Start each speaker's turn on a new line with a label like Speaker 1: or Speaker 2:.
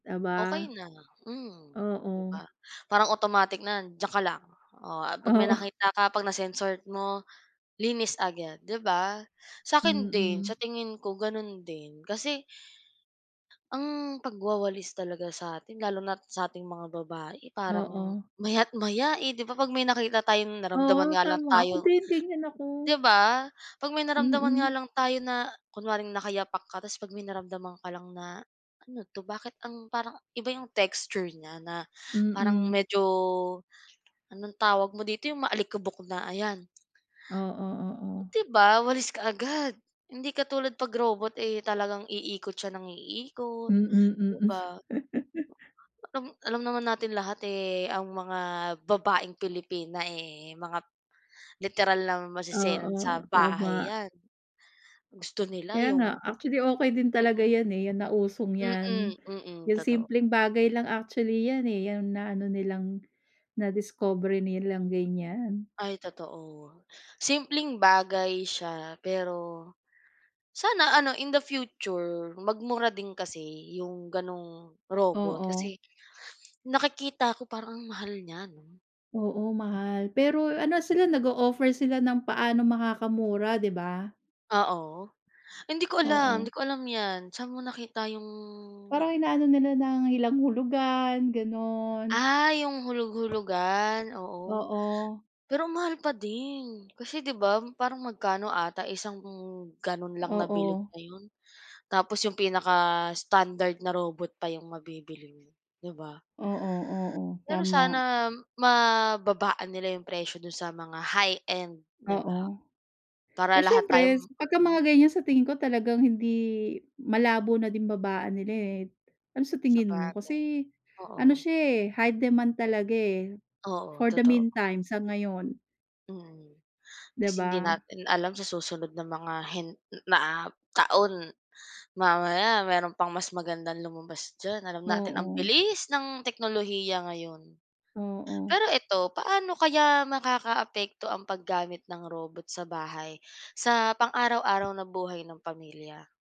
Speaker 1: Aba,
Speaker 2: Okey na, hmm, 'di
Speaker 1: oo.
Speaker 2: ba? Parang automatic na, "Diyan ka lang." Oh, ah 'pag may
Speaker 1: Oo.
Speaker 2: nakita ka, 'pag na-sense mo linis agad 'di ba? Sa akin din,
Speaker 1: Mm.
Speaker 2: sa tingin ko gano'n din kasi. Ang pagwawalis talaga sa atin lalo na't sa ating mga babae parang
Speaker 1: Oo.
Speaker 2: maya't maya eh. 'Di ba, 'pag may nakita tayong
Speaker 1: Oo,
Speaker 2: naramdaman nga lang
Speaker 1: tama ako
Speaker 2: tayong
Speaker 1: din ganyan ako.
Speaker 2: 'di ba? 'Pag may naramdaman nga
Speaker 1: Mm.
Speaker 2: lang tayo na kunwaring nakayapak ka tapos 'pag may naramdaman ka lang na, "Ano 'to bakit ang parang iba 'yong texture niya," na parang
Speaker 1: Mm.
Speaker 2: medyo anong tawag mo dito, 'yong maalikabok na ayan.
Speaker 1: Oo, oo.
Speaker 2: 'Di ba? Walis kaagad. Hindi katulad 'pag robot eh, talagang iikot siya ng iikot,
Speaker 1: Mm,
Speaker 2: di
Speaker 1: mm.
Speaker 2: ba? Alam alam naman natin lahat eh, ang mga babaeng Pilipina eh, mga literal na maseselan sa
Speaker 1: Oo,
Speaker 2: bahay
Speaker 1: tama.
Speaker 2: 'yan. Gusto nila
Speaker 1: Kaya nga.
Speaker 2: yung
Speaker 1: Actually, okey din talaga
Speaker 2: Mm.
Speaker 1: 'yan eh, yan nausong
Speaker 2: Mm,
Speaker 1: 'yan.
Speaker 2: mm.
Speaker 1: Yung
Speaker 2: Totoo.
Speaker 1: simpleng bagay lang actually 'yan eh, 'yan na-ano nilang nadiskubre nilang ganyan.
Speaker 2: Ay totoo. Simpleng bagay siya pero sana ano, in the future magmura din kasi 'yong ganung robot,
Speaker 1: Oo.
Speaker 2: kasi nakikita ko parang ang mahal niya, 'no?
Speaker 1: Oo, mahal. Pero ano sila nag-o-offer sila ng paano makakamura, di ba?
Speaker 2: Oo. Hindi ko alam
Speaker 1: Oo.
Speaker 2: hindi ko alam 'yan saan mo nakita 'yong
Speaker 1: Parang ina-ano nila ng ilang hulugan, gano'n.
Speaker 2: Ah, 'yong hulog-hulugan, oo.
Speaker 1: Oo.
Speaker 2: Pero ang mahal pa din, kasi 'di ba, parang magkano ata isang ganon lang nabilog
Speaker 1: Oo.
Speaker 2: na 'yon tapos 'yong pinaka-standard na robot pa 'yong mabibili mo, 'di ba?
Speaker 1: Oo, oo.
Speaker 2: Pero
Speaker 1: Tama.
Speaker 2: sana mababaan nila yung presyo dun sa mga high-end, di ba?
Speaker 1: Oo.
Speaker 2: Para
Speaker 1: Eh
Speaker 2: lahat tayo
Speaker 1: siyempre pagka mga
Speaker 2: makabili.
Speaker 1: ganyan sa tingin ko, talagang hindi malabo na din babaan nila eh, Ano sa tingin mo?
Speaker 2: Sabagay,
Speaker 1: Kasi ano
Speaker 2: oo.
Speaker 1: siya eh, high demand talaga eh,
Speaker 2: Oo,
Speaker 1: for the
Speaker 2: totoo.
Speaker 1: mean time, sa ngayon.
Speaker 2: Mm,
Speaker 1: 'Di
Speaker 2: kasi hindi
Speaker 1: ba?
Speaker 2: natin alam sa susunod na mga hen na taon, mamaya meron pang mas magandang lumabas diyan. Alam natin ang
Speaker 1: Oo.
Speaker 2: bilis ng teknolohiya ngayon.
Speaker 1: Oo.
Speaker 2: Pero eto, paano kaya makakaapekto ang paggamit ng robot sa bahay sa pang-araw-araw na buhay ng pamilya?